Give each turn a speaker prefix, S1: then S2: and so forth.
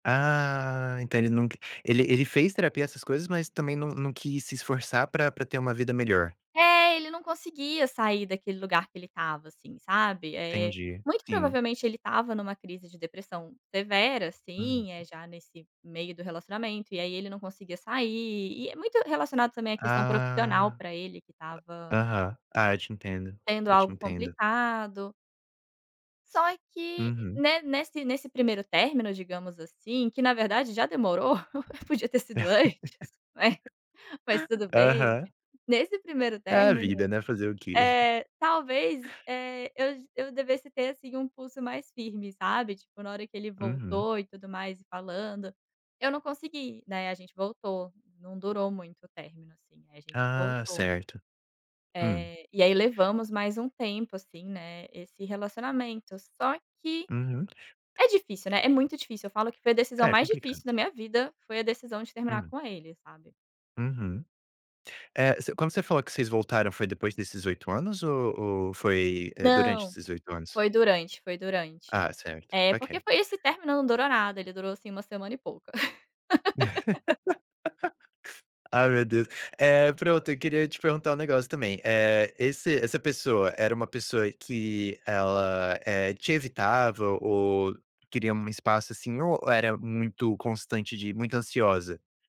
S1: Ah, então ele nunc ele ele fez terapia, essas coisas, mas também não não quis se esforçar pra pra ter uma vida melhor?
S2: É, ele não conseguia sair daquele lugar que ele estava, assim, sabe. Eh,
S1: Entendi,
S2: muito
S1: sim.
S2: provavelmente ele estava numa crise de depressão severa,
S1: Hum.
S2: assim, eh, já nesse meio do relacionamento, e aí ele não conseguia sair, e é muito relacionado também à questão profissional
S1: Ah.
S2: pra ele, que estava
S1: Aham. Ah, eu te entendo,
S2: sendo
S1: eu te
S2: algo
S1: entendo.
S2: complicado. Só que
S1: Uhum.
S2: ne nesse nesse primeiro término, digamos assim, que na verdade já demorou, podia ter sido antes, né, mas tudo bem.
S1: Aham.
S2: Nesse primeiro
S1: É a
S2: término,
S1: vida, né, fazer o quê?
S2: eh, talvez, eh, eu eu devesse ter, assim, um pulso mais firme, sabe. Tipo, na hora que ele
S1: Uhum.
S2: voltou e tudo mais e falando, eu não consegui, né, a gente voltou, não durou muito o término, assim, a gente
S1: Ah,
S2: voltou.
S1: certo. Hum?
S2: Eh, e aí levamos mais um tempo, assim, né, esse relacionamento. Só que
S1: Uhum.
S2: é difícil, né, é muito difícil. Eu falo que foi a decisão
S1: É,
S2: mais
S1: complicado.
S2: difícil da minha vida, foi a decisão de terminar
S1: Hum?
S2: com ele, sabe.
S1: Uhum. É, se quando você falou que vocês voltaram, foi depois desses 8 anos ou ou foi, eh, durante
S2: Não,
S1: esses 8 anos?
S2: foi durante, foi durante.
S1: Ah, certo.
S2: É, porque
S1: Ok.
S2: foi esse término não durou nada, ele durou, assim, 1 semana e pouco.
S1: Ai, meu Deus. Eh, pronto, eu queria te perguntar um negócio também, eh, esse essa pessoa era uma pessoa que ela, eh, te evitava ou queria um espaço, assim, ou era muito constante de muito ansiosa?